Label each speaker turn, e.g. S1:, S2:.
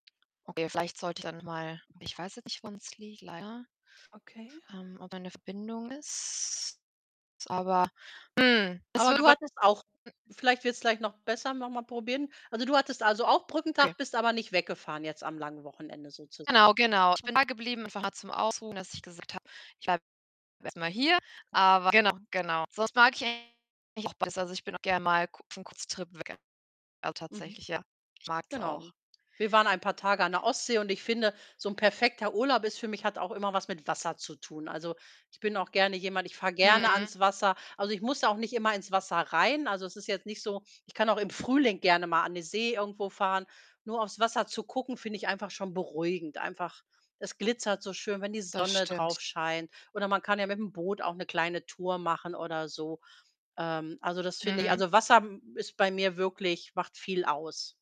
S1: Okay, vielleicht sollte ich dann mal ich weiß jetzt nicht, woran's liegt leider.
S2: Okay.
S1: Ähm, ob an der Verbindung ist. Aber, hm, es
S2: Aber
S1: wird
S2: du
S1: aber
S2: hattest auch
S1: m
S2: vielleicht wird's gleich noch besser, noch mal probieren. Also, du hattest also auch
S1: Okay.
S2: Brückentag, bist aber nicht weggefahren jetzt am langen Wochenende, sozusagen.
S1: Genau, genau. Ich bin
S2: Okay.
S1: dageblieben, einfach nur zum Ausruhen, dass ich gesagt habe: „Ich bleibe erst mal hier.“ Aber genau, genau. Sonst mag ich [unintelligible] eigentlich auch besser. Also, ich bin auch gern mal ku f 'n Kurztrip weg, also,
S2: Mhm.
S1: tatsächlich, ja. Ich mag's auch.
S2: Genau. Wir waren ein paar Tage an der Ostsee und ich finde, so 'n perfekter Urlaub ist für mich hat auch immer was mit Wasser zu tun. Also, ich bin auch gerne jemand ich fahre gerne
S1: Mhm.
S2: ans Wasser. Also, ich muss da auch nicht immer ins Wasser rein. Also, es ist jetzt nicht so ich kann auch im Frühling gerne mal an die See irgendwo fahren. Nur aufs Wasser zu gucken finde ich einfach schon beruhigend. Einfach es glitzert so schön, wenn die
S1: Das
S2: Sonne
S1: stimmt.
S2: drauf scheint. Oder man kann ja mit'm Boot auch 'ne kleine Tour machen, oder so. Ähm, also, das finde ich
S1: Mhm.
S2: also, Wasser ist bei mir wirklich macht viel aus.